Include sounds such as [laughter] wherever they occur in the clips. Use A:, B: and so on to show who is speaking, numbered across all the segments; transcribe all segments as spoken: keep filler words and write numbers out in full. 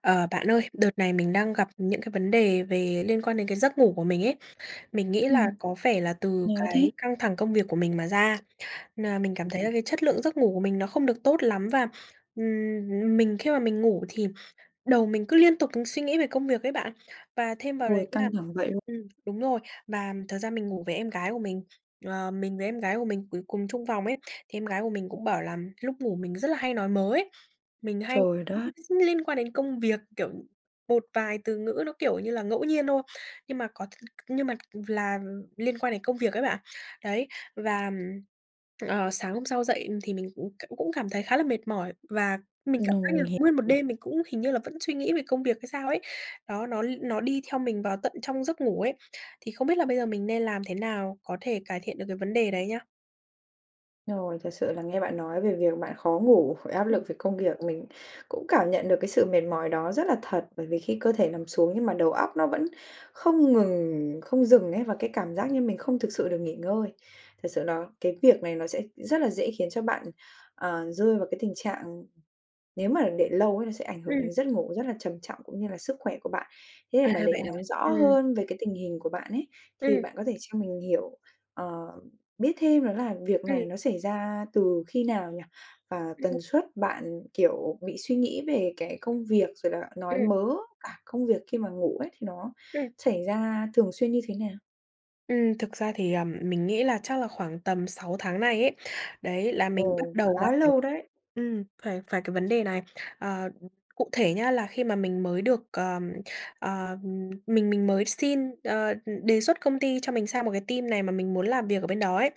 A: Ờ, bạn ơi, đợt này mình đang gặp những cái vấn đề về liên quan đến cái giấc ngủ của mình ấy, mình nghĩ là
B: Ừm.
A: có vẻ là từ
B: No
A: cái
B: thế!
A: căng thẳng công việc của mình mà ra, nà, mình cảm
B: Ừm,
A: thấy là cái
B: ừm.
A: chất lượng giấc ngủ của mình nó không được tốt lắm và, ừm, ừm, mình khi mà mình ngủ thì đầu mình cứ liên tục thường suy nghĩ về công việc ấy bạn. Và thêm vào đấy
B: Ôi,
A: là,
B: căng thẳng vậy luôn!
A: ừm, đúng rồi, và, ừm, thật ra mình ngủ với em gái của mình, ờ, mình với em gái của mình ngủ cùng chung phòng ấy, thì em gái của mình cũng bảo là, ừm, lúc ngủ mình rất là hay nói mớ ấy, mình hay
B: Trời đất!
A: [unintelligible] liên quan đến công việc, kiểu, một vài từ ngữ nó, kiểu như là, ngẫu nhiên thôi nhưng mà có [unintelligible] nhưng mà v là liên quan đến công việc ấy bạn. Đấy, và, ừm, ờ, sáng hôm sau dậy, ừm, thì mình, ừm, cũng cũng cảm thấy khá là mệt mỏi và mình cảm
B: Ừm,
A: giác là
B: mình hiểu.
A: nguyên một
B: [unintelligible]
A: đêm mình cũng hình như là vẫn suy nghĩ về công việc hay sao ấy, đó, nó l nó đi theo mình vào tận trong giấc ngủ ấy, thì không biết là bây giờ mình nên làm thế nào có thể cải thiện được cái vấn đề đấy nhá?
B: Rồi, thật sự là nghe bạn nói về việc bạn khó ngủ, phải áp
A: Ừm.
B: lực về công ghiệc mình cũng cảm nhận được cái sự mệt mỏi đó rất là thật, bởi vì khi cơ thể nằm xuống nhưng mà đầu óc nó vẫn không ngừng, không dừng ấy, và cái cảm giác như mình không thực sự được nghỉ ngơi, thật sự đó cái việc này nó sẽ rất là dễ khiến cho bạn, ờ, rơi vào cái tình trạng nếu mà để lâu ấy nó sẽ ảnh hưởng
A: Ừm.
B: đến giấc ngủ rất là trầm trọng cũng như là sức khỏe của bạn. Thế
A: À,
B: mà
A: vậy
B: để nắm
A: hả?
B: rõ
A: Ừm.
B: hơn về cái tình hình của bạn ấy, thì
A: Ừm.
B: bạn có thể cho mình hiểu, ờ, biết thêm đó là việc
A: Ừm.
B: này nó xảy ra từ khi nào nhỉ? Và
A: Ừm.
B: tần suất bạn, kiểu, bị suy nghĩ về cái công việc rồi là nói
A: Ừm.
B: mớ, à, công việc khi mà ngủ ấy, thì nó
A: Ừm.
B: xảy ra thường xuyên như thế nào?
A: Ừm, thực ra thì, ờm, mình nghĩ là chắc là khoảng tầm sàu tháng nay ấy, đấy là mình bắt
B: Ồ,
A: đầu gặp
B: khá
A: phải
B: lâu đấy.
A: ừm, phải phải cái vấn đề này, ờ, cụ thể nhá, là khi mà mình mới được, ờm, ờm, mình mình mới xin, ờ, đề xuất công ty cho mình sang một cái team này mà mình muốn làm việc ở bên đó ấy.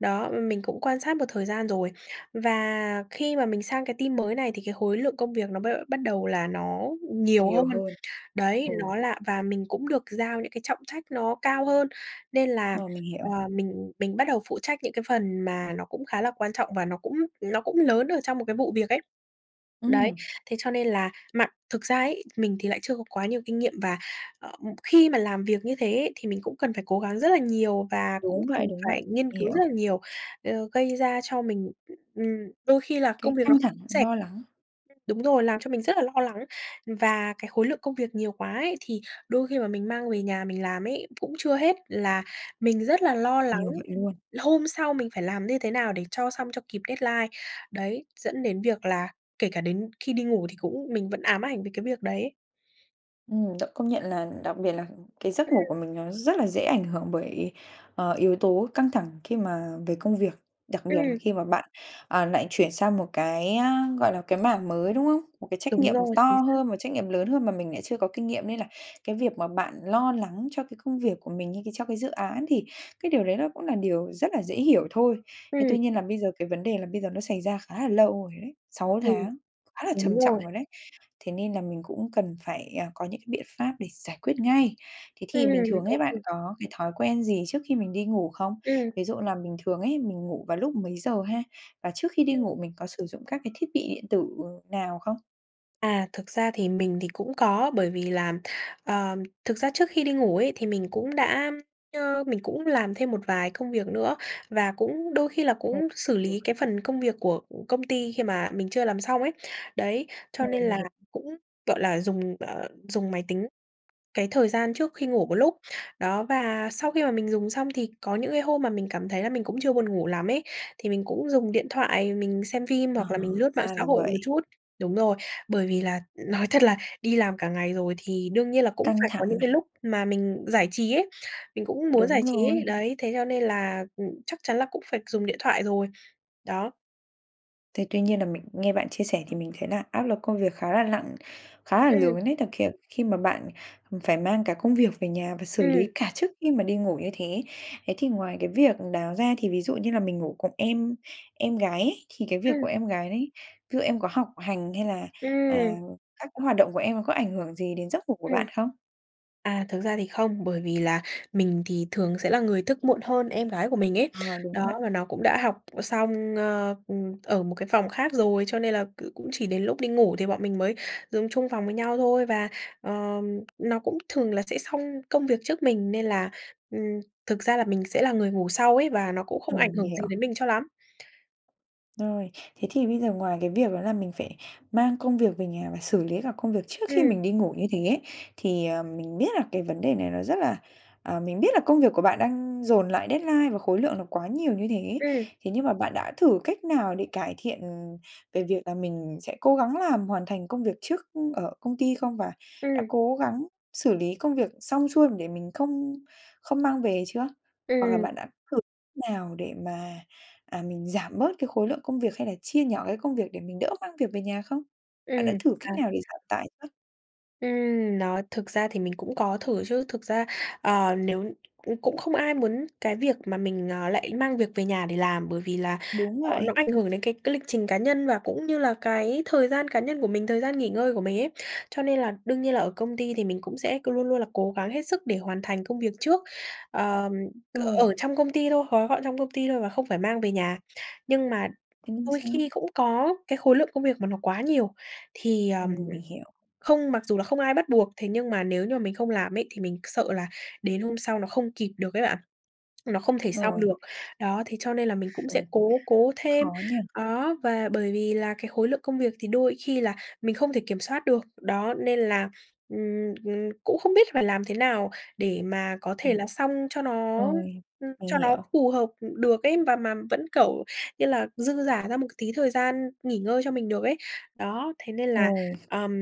A: Đó, m mình cũng quan sát một thời gian rồi và khi mà mình sang cái team mới này thì cái khối lượng công việc nó b bắt đầu là nó nhiều
B: Nhiều
A: hơn,
B: hơn.
A: đấy,
B: Ừm.
A: nó là và mình cũng được giao những cái trọng trách nó cao hơn, nên là,
B: Rồi, mình
A: ờ,
B: hiểu.
A: mình mình bắt đầu phụ trách những cái phần mà nó cũng khá là quan trọng, và nó cũng nó cũng lớn ở trong một cái vụ việc ấy. Đấy,
B: Ừm.
A: thế cho nên là mà thực ra ấy, mình thì lại chưa có quá nhiều kinh nghiệm, và, ờ, ừm, khi mà làm việc như thế ấy thì mình cũng cần phải cố gắng rất là nhiều, và cũng
B: Đúng vậy,
A: cần
B: đúng vậy,
A: phải nghiên cứu
B: hiểu.
A: rất là nhiều, ờ, gây ra cho mình, ừm, đôi khi là công
B: Cái
A: việc nó
B: căng thẳng,
A: sẽ
B: lo lắng.
A: Ừm. Đúng rồi, làm cho mình rất là lo lắng, và cái khối lượng công việc nhiều quá ấy, thì đôi khi mà mình mang về nhà mình làm ấy cũng chưa hết, là mình rất là lo lắng
B: Nhiều vậy luôn.
A: hôm sau mình phải làm như thế nào để cho xong, cho kịp deadline, đấy, dẫn đến việc là kể cả đến khi đi ngủ thì cũng mình vẫn ám ảnh về cái việc đấy.
B: Ừm, động công nhận là đặc biệt là cái giấc ngủ
A: Ừm.
B: của mình nó rất là dễ ảnh hưởng bởi, ờ, yếu tố căng thẳng khi mà về công việc, đặc biệt là
A: Ừm.
B: khi mà bạn, ờ, lại chuyển sang một cái, a, gọi là, cái mảng mới, đúng không? Một cái trách
A: Đúng
B: nhiệm
A: rồi,
B: to
A: chính xác!
B: hơn, một trách nhiệm lớn hơn mà mình lại chưa có kinh nghiệm nên là cái việc mà bạn lo lắng cho cái công việc của mình như cái cho cái dự án thì cái điều đấy nó cũng là điều rất là dễ hiểu thôi, thế
A: Ừm.
B: tuy nhiên là bây giờ cái vấn đề là bây giờ nó xảy ra khá là lâu rồi ấy, sáu
A: Ừm,
B: tháng, khá là
A: đúng
B: trầm trọng
A: rồi.
B: rồi đấy, thế nên là mình cũng cần phải, à, có những cái biện pháp để giải quyết ngay. Thế thì bình
A: Ừm,
B: thường ấy,
A: ô kê.
B: bạn có cái thói quen gì trước khi mình đi ngủ không?
A: Ừm.
B: Ví dụ là bình thường ấy, mình ngủ vào lúc mấy giờ ha? Và trước khi đi
A: Ừm.
B: ngủ mình có sử dụng các cái thiết bị điện tử nào không?
A: À, thực ra thì mình thì cũng có bởi vì làm, ờm, thực ra trước khi đi ngủ ấy thì mình cũng đã, ơ, mình cũng làm thêm một vài công việc nữa và cũng đôi khi là
B: Ừ,
A: cũng xử
B: được.
A: lý cái phần
B: [unintelligible]
A: công việc của công ty khi mà mình chưa làm xong ấy. Đấy, cho
B: Ừ,
A: nên
B: mình
A: là
B: hiểu.
A: cũng, gọi là, dùng, ờ, dùng máy tính cái thời gian trước khi ngủ một lúc, đó, và sau khi mà mình dùng xong thì có những cái hôm mà mình cảm thấy là mình cũng chưa buồn ngủ lắm ấy, thì mình cũng dùng điện thoại mình xem phim
B: Ờ,
A: hoặc là
B: ờ,
A: mình lướt mạng
B: ra
A: xã
B: là
A: hội
B: vậy.
A: một chút. Đúng rồi, bởi vì là nói thật là đi làm cả ngày rồi thì đương nhiên là cũng
B: Căng
A: phải có
B: thẳng
A: những cái
B: mà.
A: lúc mà mình giải trí ấy, mình cũng muốn giải
B: Đúng
A: trí
B: rồi.
A: ấy, đấy thế cho nên là, ừm, chắc chắn là cũng phải dùng điện thoại rồi, đó.
B: Thì tuy nhiên là mình nghe bạn chia sẻ thì mình thấy là áp lực công việc khá là nặng, khá là
A: Ừm.
B: lớn ấy thực kh khi mà bạn, ừm, phải mang cả công việc về nhà và xử
A: Ừm.
B: lý cả trước khi mà đi ngủ như thế. Thế thì ngoài cái việc đó ra, thì ví dụ như là mình ngủ cùng em em gái ấy, thì cái việc của
A: Ừm.
B: em gái đấy, ví dụ em có học hành hay là, à,
A: Ừm.
B: các cái hoạt động của em nó có ảnh hưởng gì đến giấc ngủ của
A: Ừm.
B: bạn không?
A: À, thực ra thì không, bởi vì là mình thì thường sẽ là người thức muộn hơn em gái của mình ấy,
B: Ờ, đúng vậy.
A: đó và nó cũng đã học xong, ơ, ừm, ở một cái phòng khác rồi cho nên là c cũng chỉ đến lúc đi ngủ thì bọn mình mới dùng chung phòng với nhau thôi và, ờ, nó cũng thường là sẽ xong công việc trước mình nên là, ừm, thực ra là mình sẽ là người ngủ sau ấy và nó cũng không
B: Ờ,
A: ảnh
B: mình
A: hưởng gì
B: hiểu.
A: đến mình cho lắm.
B: Rồi, thế thì bây giờ ngoài cái việc đó là mình phải mang công việc về nhà và xử lý cả công việc trước khi
A: Ừm.
B: mình đi ngủ như thế ấy thì, ờm, mình biết là cái vấn đề này nó rất là ờ, mình biết là công việc của bạn đang dồn lại deadline và khối lượng là quá nhiều như thế,
A: Ừm.
B: thế nhưng mà bạn đã thử cách nào để cải thiện về việc là mình sẽ cố gắng làm hoàn thành công việc trước, ưm, ở công ty không, và đã
A: Ừm.
B: cố gắng xử lý công việc xong xuôi để mình không không mang về chưa? Hoặc là bạn đã
A: Ừm.
B: thử nào để mà, à, mình giảm bớt cái khối lượng công việc, hay là chia nhỏ cái công việc để mình đỡ mang việc về nhà không? Bạn đã
A: Ừm,
B: thử cách
A: à.
B: nào để giảm tải chưa?
A: Ừm, nó thực ra thì mình cũng có thử chứ, thực ra, à, nếu ừm, cũng không ai muốn cái việc mà mình, ờ, lại mang việc về nhà để làm. Bởi vì là,
B: Đúng
A: ờ,
B: vậy.
A: nó ảnh hưởng đến cái cái lịch trình cá nhân và cũng như là cái thời gian cá nhân của mình, thời gian nghỉ ngơi của mình ấy. Cho nên là đương nhiên là ở công ty thì mình cũng sẽ cứ luôn luôn là cố gắng hết sức để hoàn thành công việc trước. Ờ, c
B: Rồi.
A: ở trong công ty thôi, gói gọn trong công ty thôi và không phải mang về nhà. Nhưng mà
B: Tính
A: đôi
B: xác.
A: khi cũng có cái khối lượng công việc mà nó quá nhiều, thì,
B: Ừ,
A: ờm,
B: mình hiểu.
A: không mặc dù là không ai bắt buộc, thế nhưng mà nếu như mà mình không làm ấy, thì mình c sợ là đến hôm sau nó không kịp được ấy bạn, nó không thể xong
B: Rồi.
A: được. Đó, thế cho nên là mình cũng
B: Ừ,
A: sẽ cố cố thêm.
B: khó nhỉ?
A: Đó, và bởi vì là cái khối lượng công việc thì đôi khi là mình không thể kiểm soát được, đó, nên là, ừm, ừm, cũng không biết phải làm thế nào để mà có thể
B: Ừm.
A: là xong cho nó,
B: Rồi,
A: ừm,
B: mình
A: cho nó
B: hiểu.
A: phù hợp được ấy, và mà vẫn, kiểu, như là, dư giả ra một tí thời gian nghỉ ngơi cho mình được ấy. Đó, thế nên là,
B: Thôi.
A: ờm,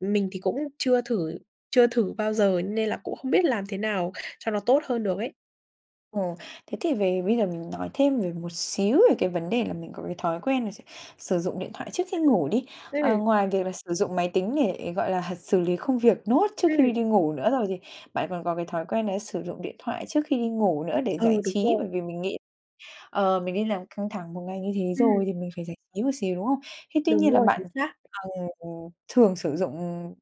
A: mình thì cũng chưa thử chưa thử bao giờ nên là cũng không biết làm thế nào cho nó tốt hơn được ấy.
B: Ừm, thế thì về bây giờ mình nói thêm về một xíu về cái vấn đề là mình có cái thói quen là s sử dụng điện thoại trước khi ngủ đi.
A: Ừm.
B: Ờ,
A: Ừm.
B: ngoài việc là sử dụng máy tính để, gọi là h xử lý công việc nốt trước khi
A: Ừm.
B: đi ngủ nữa rồi thì, bạn còn có cái thói quen đấy sử dụng điện thoại trước khi đi ngủ nữa để
A: Ừ,
B: giải
A: đúng
B: trí,
A: rồi.
B: bởi vì mình nghĩ, ờ, mình đi làm căng thẳng một ngày như thế
A: Ừm.
B: rồi thì mình phải giải trí một xíu, đúng không? Thế tuy
A: Đúng
B: nhiên là
A: rồi, chính
B: bạn,
A: xác.
B: à, ừ, ừm, thường sử dụng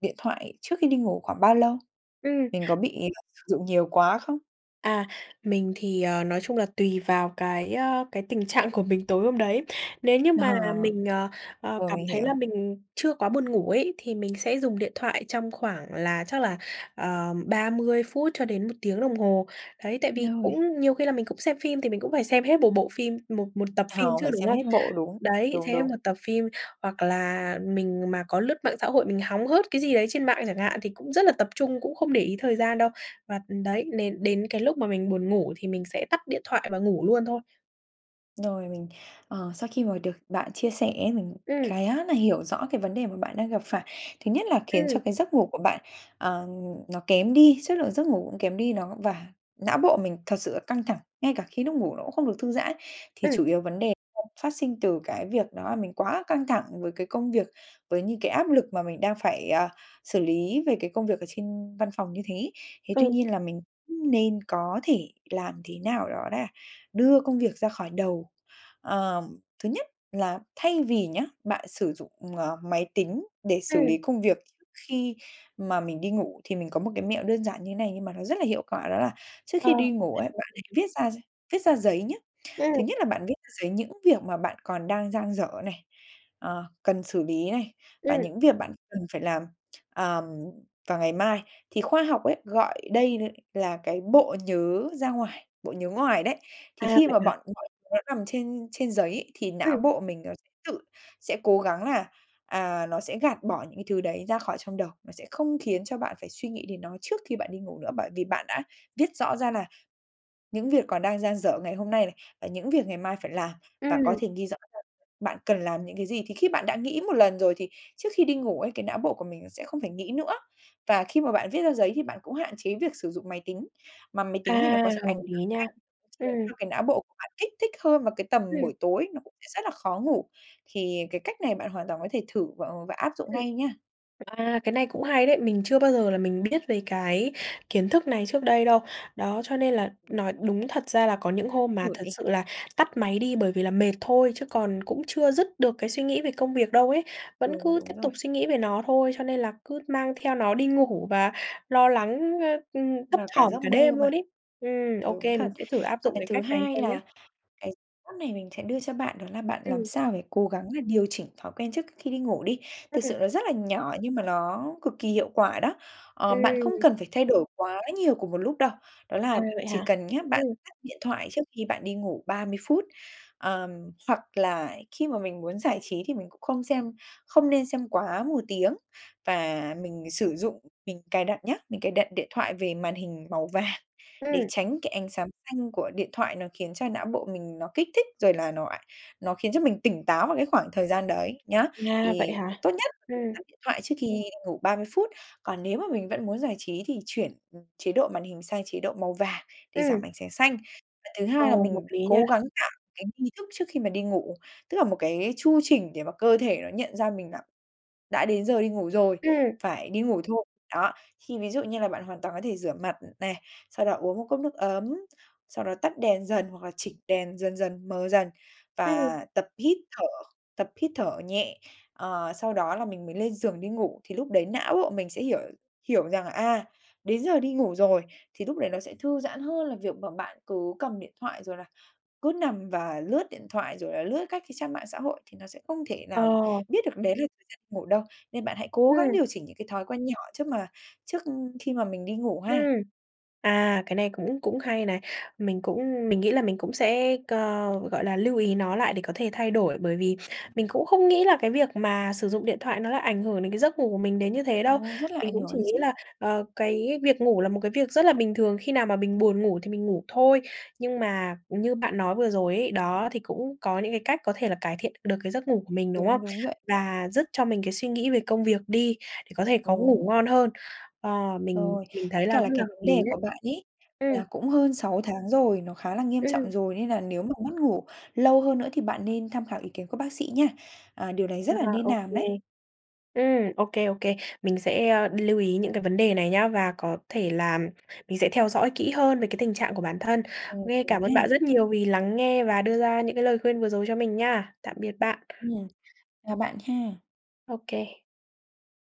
B: điện thoại trước khi đi ngủ khoảng bao lâu?
A: Ừm.
B: Mình có bị, ờ, sử dụng nhiều quá không?
A: À, mình thì, ờ, nói chung là tùy vào cái, ơ, cái tình trạng của mình tối hôm đấy. Nếu như
B: Mà h
A: mà là mình, ờ, ờ,
B: rồi,
A: cảm
B: mình
A: thấy là
B: hiểu.
A: mình chưa quá buồn ngủ ấy, thì mình sẽ dùng điện thoại trong khoảng là chắc là, ờ, ba mươi phút cho đến một tiếng đồng hồ. Đấy, tại vì
B: Lâu vậy.
A: cũng nhiều khi là mình cũng xem phim thì mình cũng phải xem hết một bộ phim, một một tập
B: À,
A: phim chứ,
B: phải
A: đúng
B: xem
A: không?
B: hết bộ. Đúng,
A: Đấy,
B: đúng,
A: thế mà
B: đúng.
A: tập phim hoặc là mình mà có lướt mạng xã hội, mình hóng hớt cái gì đấy trên mạng chẳng hạn, thì cũng rất là tập trung, cũng không để ý thời gian đâu. Và, ừm, đấy, đến đến cái lúc mà mình buồn ngủ thì mình sẽ tắt điện thoại và ngủ luôn thôi.
B: Rồi, mình, ờ, sau khi mà được bạn chia sẻ, mình
A: Ừm.
B: khá nà hiểu rõ cái vấn đề mà bạn đang gặp phải. Thứ nhất là khiến cho
A: Ừm.
B: cái giấc ngủ của bạn, ờ, nó kém đi, chất lượng giấc ngủ cũng kém đi đó và não bộ mình thật sự là căng thẳng, ngay cả khi núc ngủ nó cũng không được thư giãn. Thì
A: Ừm.
B: chủ yếu vấn đề [unintelligible] phát sinh từ cái việc đó mình quá căng thẳng với cái công việc, với những cái áp lực mà mình đang phải, à, xử lý về cái công việc ở trên văn phòng như thế. Thế tuy
A: Ừm.
B: nhiên là mình nên có thể làm thế nào đó đã, đưa công việc ra khỏi đầu. Ờm, thứ nhất là thay vì nhá bạn sử dụng, ờ, máy tính để xử
A: Ừm.
B: lý công việc khi mà mình đi ngủ, thì mình có một cái mẹo đơn giản như thế này nhưng mà nó rất là hiệu quả, đó là trước
A: Ờ,
B: khi đi
A: cũng
B: ngủ ấy, bạn
A: hay. Ừm.
B: hãy viết ra gi viết ra giấy nhá.
A: Ừm.
B: Thứ nhất là bạn viết ra giấy những việc mà bạn còn đang dang dở này, ờ, cần xử lý này và
A: Ừm.
B: những việc bạn cần phải làm, [tsk] ờm, vào ngày mai. Thì khoa học ấy gọi đây là cái bộ nhớ ra ngoài, bộ nhớ ngoài đấy,
A: A,
B: thì khi
A: vậy
B: mà
A: hả?
B: bọn mọi thứ nó nằm trên trên giấy, thì não
A: Ừm.
B: bộ mình nó s tự sẽ cố gắng là, à, nó sẽ gạt bỏ những cái thứ đấy ra khỏi trong đầu, nó sẽ không khiến cho bạn phải suy nghĩ đến nó trước khi bạn đi ngủ nữa, bởi vì bạn đã viết rõ ra nà những việc còn đang dang dở ngày hôm nay này, và những việc ngày mai phải làm và có
A: Ừm.
B: thể ghi rõ hơn bạn cần làm những cái gì, thì khi bạn đã nghĩ một lần rồi thì trước khi đi ngủ ấy, cái não bộ của mình nó sẽ không phải nghĩ nữa. Và khi mà bạn viết ra giấy thì bạn cũng hạn chế việc sử dụng máy tính, mà máy tính thì nó
A: À,
B: có thể ảnh
A: hợp
B: hưởng
A: lý nha!
B: ngay, khiến
A: Ừm.
B: cho cái não bộ của bạn kích thích hơn vào cái tầm
A: Ừm.
B: buổi tối, nó cũng sẽ rất là khó ngủ. Thì cái cách này bạn hoàn toàn có thể thử và, ờ, và áp dụng
A: Ừm.
B: ngay nha.
A: À, cái này cũng hay đấy! Mình chưa bao giờ là mình biết về cái kiến thức này trước đây đâu. Đó, cho nên là nói đúng thật ra là có những hôm mà
B: Thử
A: thật
B: đi.
A: sự là tắt máy đi bởi vì là mệt thôi, chứ còn cũng chưa dứt được cái suy nghĩ về công việc đâu ấy. Vẫn
B: Đúng,
A: cứ tiếp
B: đúng rồi.
A: tục suy nghĩ về nó thôi, cho nên là cứ mang theo nó đi ngủ và lo lắng, ơ, ừm, thấp
B: Vào cả
A: thỏm
B: giấc
A: cả
B: mơ
A: đêm
B: mà.
A: luôn ấy. Ừm, ô
B: Đúng
A: kê, mình
B: thật.
A: sẽ thử áp
B: Và
A: dụng
B: cái
A: cái
B: thứ
A: cách này
B: hai
A: xem nhá.
B: là cái mẫu này mình sẽ đưa cho bạn đó là bạn làm
A: Ừm.
B: sao phải cố gắng là điều chỉnh thói quen trước kh khi đi ngủ đi,
A: Ư,
B: thực
A: ừm.
B: sự nó rất là nhỏ nhưng mà nó cực kỳ hiệu quả đó. Ờ, bạn không
A: Ừm.
B: cần phải thay đổi quá nhiều cùng một lúc đâu, đó
A: À,
B: là
A: vậy
B: chỉ
A: hả?
B: cần nhá bạn
A: Ừm.
B: tắt điện thoại trước khi bạn đi ngủ ba mươi phút. Ờm, hoặc là khi mà mình muốn giải trí thì mình cũng không xem không nên xem quá một tiếng, và mình, ờ, sử dụng, mình cài đặt nhá, mình cài đặt điện thoại về màn hình màu vàng để
A: Ừm.
B: tránh cái ánh sáng xanh của điện thoại, nó khiến cho não bộ mình nó kích thích rồi là nó ảnh nó khiến cho mình tỉnh táo vào cái khoảng thời gian đấy, nhá.
A: À, vậy
B: Thì
A: hả?
B: tốt nhất là tắt
A: Ừm.
B: điện thoại trước khi đi ngủ ba mươi phút. Còn nếu mà mình vẫn muốn giải trí thì chuyển, ừ, chế độ màn hình sang chế độ màu vàng, để giảm
A: Ừm.
B: ảnh sáng xanh. Và thứ
A: Ờ,
B: hai là
A: hợp
B: mình
A: lý nha!
B: cố gắng tạo cái nghi thức trước khi mà đi ngủ, tức là một cái chu trình để mà cơ thể nó nhận ra mình đã đã đến giờ đi ngủ rồi,
A: Ừm.
B: phải đi ngủ thôi. Đó, thì ví dụ như là bạn hoàn toàn có thể rửa mặt này, sau đó uống một cốc nước ấm, sau đó tắt đèn dần hoặc là chỉnh đèn dần dần mờ dần
A: Ừm.
B: và tập hít thở, tập hít thở nhẹ, ờ, sau đó là mình mới lên giường đi ngủ. Thì lúc đấy não bộ mình sẽ hiểu hiểu rằng là, à, đến giờ đi ngủ rồi, thì lúc đấy nó sẽ thư giãn hơn là việc mà bạn cứ cầm điện thoại, rồi là cứ nằm và lướt điện thoại, rồi là lướt các cái trang mạng xã hội, thì nó sẽ không thể
A: Ờ.
B: nào biết được đấy là thời gian ngủ đâu. Nên bạn hãy cố gắng
A: Ừm.
B: điều chỉnh những cái thói quen nhỏ trước mà trước khi mà mình đi ngủ
A: Ừm.
B: ha.
A: À, cái này cũng cũng hay này. Mình cũng mình nghĩ là mình cũng sẽ co gọi là lưu ý nó lại để có thể thay đổi, bởi vì mình cũng không nghĩ là cái việc mà sử dụng điện thoại nó lại ảnh hưởng đến cái giấc ngủ của mình đến như thế đâu.
B: Ồ, rất là
A: Mình
B: ảnh
A: cũng
B: hưởng
A: chỉ
B: đấy
A: nghĩ
B: chứ.
A: là, ờ, cái việc ngủ là một cái việc rất là bình thường, khi nào mà mình buồn ngủ thì mình ngủ thôi. Nhưng mà như bạn nói vừa rồi ấy, đó, thì cũng có những cái cách có thể là cải thiện được cái giấc ngủ của mình, đúng
B: Đúng,
A: không?
B: đúng vậy.
A: Và dứt cho mình cái suy nghĩ về công việc đi, để có thể có ngủ
B: Đúng.
A: ngon hơn. Ờ, mình
B: Rồi.
A: mình thấy
B: Với
A: là
B: cả là
A: rất là
B: cái
A: hợp
B: vấn
A: lý
B: đề
A: đấy.
B: của bạn ấy,
A: Ừm.
B: là cũng hơn sáu tháng rồi, nó khá là nghiêm trọng
A: Ừm.
B: rồi, nên là nếu mà mất ngủ lâu hơn nữa thì bạn nên tham khảo ý kiến của bác sĩ nha. À, điều đấy
A: À,
B: rất là nên
A: ô
B: làm
A: kê.
B: đấy.
A: Ừm, ô kê, ô kê. Mình sẽ, a, đi lưu ý những cái vấn đề này nhá, và có thể làm mình sẽ theo dõi kỹ hơn về cái tình trạng của bản thân.
B: Rồi,
A: Nghe
B: cố
A: cảm
B: gắng
A: ơn
B: ha!
A: bạn rất nhiều vì lắng nghe và đưa ra những cái lời khuyên vừa rồi cho mình nha. Tạm biệt bạn.
B: Ừm, chào bạn ha!
A: Ô kê.